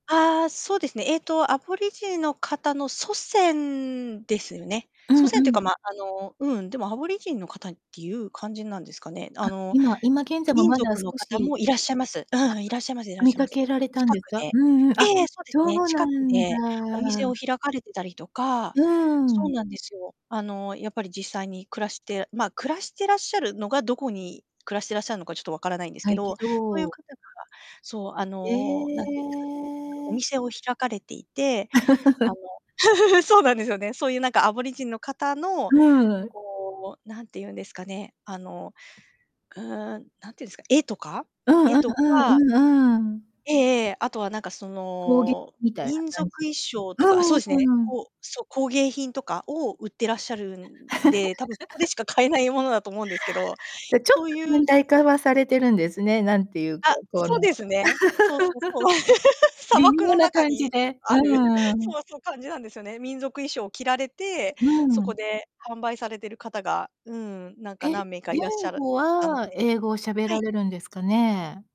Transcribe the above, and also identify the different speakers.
Speaker 1: ああ、そうですね、えっと、アボリジニの方の祖先ですよね。
Speaker 2: う
Speaker 1: 祖
Speaker 2: ん
Speaker 1: 先っ
Speaker 2: う
Speaker 1: ていうか、
Speaker 2: ん。
Speaker 1: ま、あの、うん、でも、アボリジニの方っていう感じなんですかね。あ
Speaker 2: あ、
Speaker 1: の、
Speaker 2: 今今現在も
Speaker 1: 民
Speaker 2: まだ
Speaker 1: 族の
Speaker 2: 少
Speaker 1: 方
Speaker 2: し
Speaker 1: もいらっしゃいます。うん、いらっしゃいますいら
Speaker 2: あ、
Speaker 1: っ
Speaker 2: 見
Speaker 1: しゃい
Speaker 2: か
Speaker 1: ます。
Speaker 2: けられたん
Speaker 1: 近く
Speaker 2: ですか？
Speaker 1: で。
Speaker 2: うんうん、
Speaker 1: え
Speaker 2: あ、
Speaker 1: えええ、そうです
Speaker 2: そ
Speaker 1: ね、
Speaker 2: うな
Speaker 1: 近く
Speaker 2: ん
Speaker 1: でお店を
Speaker 2: だ。
Speaker 1: 開かれてたりとか
Speaker 2: うー
Speaker 1: そう
Speaker 2: ん。
Speaker 1: なんですよ。あの、やっぱり実際に暮らしてま、暮らしてらっしゃるのが、どこに暮らしてらっしゃるのか、ちょっと分からないんです
Speaker 2: た
Speaker 1: け
Speaker 2: いけ
Speaker 1: ど、そういう
Speaker 2: ど
Speaker 1: 方がそう、あ
Speaker 2: え
Speaker 1: の、なんて言うんですかね、お
Speaker 2: え。
Speaker 1: 店を開かれていて、あの そうなんですよね、そういう、なんか、アボリジニの方の、
Speaker 2: うん。
Speaker 1: こう、なんて言うんですかね、あの、うーん、なん言うんすか、絵とか、
Speaker 2: うん、
Speaker 1: 絵
Speaker 2: あ、あ
Speaker 1: と
Speaker 2: あ、
Speaker 1: か
Speaker 2: うん、ああ。
Speaker 1: ええええ、あとは、なんか、そ
Speaker 2: 工芸
Speaker 1: の、
Speaker 2: みたいな
Speaker 1: 民族
Speaker 2: 感じ
Speaker 1: 衣装
Speaker 2: う
Speaker 1: とかあ、そうです
Speaker 2: ー
Speaker 1: ね、
Speaker 2: ん、うん。
Speaker 1: こうそ、工芸品とかを売ってらっしゃるんで、多分そこで しか買えないものだと思うんですけど、
Speaker 2: で、ちょっ
Speaker 1: そ
Speaker 2: と
Speaker 1: ういう
Speaker 2: 近代化はされてるんですね、なんて言うか、
Speaker 1: あ、
Speaker 2: この
Speaker 1: そうで すね。そうそうそう。砂
Speaker 2: 微
Speaker 1: 漠
Speaker 2: 妙
Speaker 1: の
Speaker 2: な
Speaker 1: 中
Speaker 2: 感
Speaker 1: に、
Speaker 2: じ
Speaker 1: う
Speaker 2: で、
Speaker 1: ある、
Speaker 2: う
Speaker 1: そ
Speaker 2: ん。
Speaker 1: わそ、感じなんですよね。民族衣装を着られて、
Speaker 2: う
Speaker 1: そこ
Speaker 2: ん。
Speaker 1: で販売されてる方が、うーん、なん
Speaker 2: え、
Speaker 1: か何名かい
Speaker 2: 言
Speaker 1: らっしゃる
Speaker 2: 語
Speaker 1: たの
Speaker 2: は
Speaker 1: で、
Speaker 2: 英語を喋
Speaker 1: は
Speaker 2: ら
Speaker 1: い。
Speaker 2: れるんですかね？